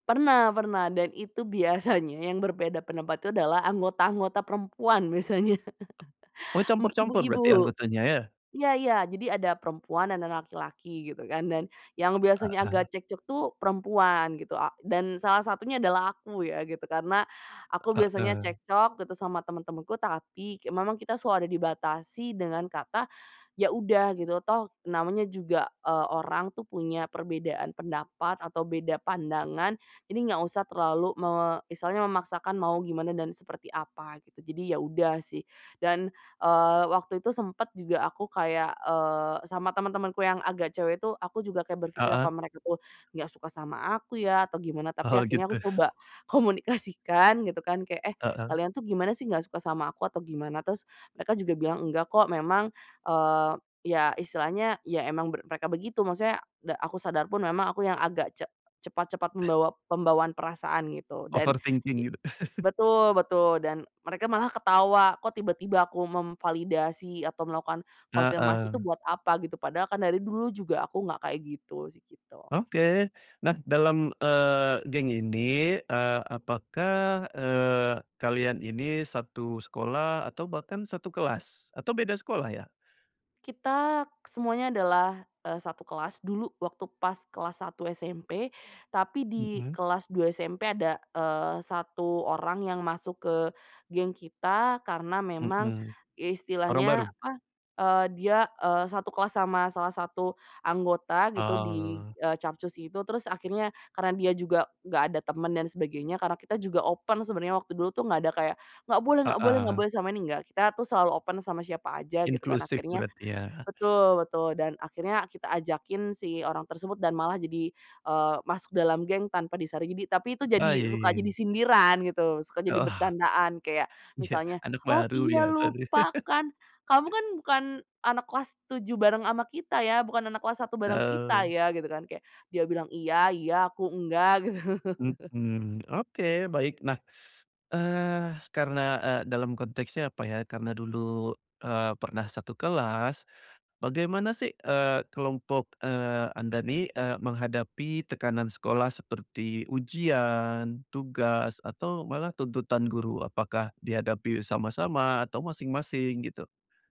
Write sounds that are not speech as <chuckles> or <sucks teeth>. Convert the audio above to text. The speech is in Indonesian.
Pernah pernah, dan itu biasanya yang berbeda pendapat itu adalah anggota-anggota perempuan biasanya. <chuckles> Oh, Mmm, campur-campur berarti ibu-ibu, anggotanya ya? iya iya. Jadi ada perempuan dan ada laki-laki gitu kan dan yang biasanya Heeh. agak cekcok tuh perempuan gitu a dan salah satunya adalah aku ya gitu karena aku biasanya Heeh. cekcok gitu sama teman-temanku tapi ke memang kita selalu ada dibatasi dengan kata, "Ya udah gitu toh namanya juga, eee, orang tuh punya perbedaan pendapat atau beda pandangan jadi nggak usah terlalu me misalnya memaksakan mau gimana dan seperti apa," gitu. Jadi ya udah sih dan, eee, waktu itu sempet juga aku kayak, eee, sama teman-temanku yang agak cewek tuh aku juga kayak berpikir, Heeh. "Apa mereka tuh nggak suka sama aku ya atau gimana?" Tapi Oh, akhirnya aku gitu. coba komunikasikan gitu kan, kayak, "Eh, Heeh. kalian tuh gimana sih nggak suka sama aku atau gimana?" Terus mereka juga bilang, "Nggak kok," memang, eee, ya istilahnya ya emang ber mereka begitu, maksudnya da aku sadar pun memang aku yang agak ce cepat-cepat membawa pembawaan perasaan gitu dan i Overthinking gitu? <chuckles> betul betul, dan mereka malah ketawa kok tiba-tiba aku memvalidasi atau melakukan konfirmasi itu Heeh. buat apa gitu, padahal kan dari dulu juga aku nggak kayak gitu sih, gitu. Oke. Nah, dalam, eee, geng ini, eee, apakah, eee, kalian ini 1 sekolah atau bahkan 1 kelas? Atau beda sekolah ya? Kita semuanya adalah, eee, 1 kelas dulu waktu pas kelas satu SMP. Tapi di Mhm. kelas dua SMP ada, eee, satu orang yang masuk ke geng kita karena memang Mhm. Orang istilahnya baru? apa, eee, dia, eee, 1 kelas sama salah satu anggota gitu di Oh. eee, Capcus itu. Terus akhirnya karena dia juga nggak ada teman dan sebagainya, karena kita juga open sebenarnya waktu dulu tuh nggak ada kayak, "Enggak boleh enggak boleh enggak Heeh. boleh sama ini," enggak, kita tuh selalu open sama siapa aja gitu kan. Inklusif Akhirnya berarti ya? betul betul, dan akhirnya kita ajakin si orang tersebut dan malah jadi, eee, masuk dalam geng tanpa disaring. Jadi tapi itu jadi Ah, ya suka ya jadi ya. sindiran gitu, suka jadi Oh. bercandaan kayak Iya, misalnya, anak "Oh, baru iya biasa nih. lupa kan kamu <chuckles> kan bukan anak kelas tujuh bareng sama kita ya, bukan anak kelas satu bareng kita Oh. ya," gitu kan kayak dia bilang, "Iya iya, aku enggak," gitu. <chuckles> Mhm. Oke, baik. Nah, <sucks teeth> eee, karena, eee, dalam konteksnya apa ya, karena dulu, eee, pernah 1 kelas, bagaimana sih, eee, kelompok, eee, Anda nih, eee, menghadapi tekanan sekolah seperti ujian, tugas atau malah tuntutan guru, apakah dihadapi sama-sama atau masing-masing gitu?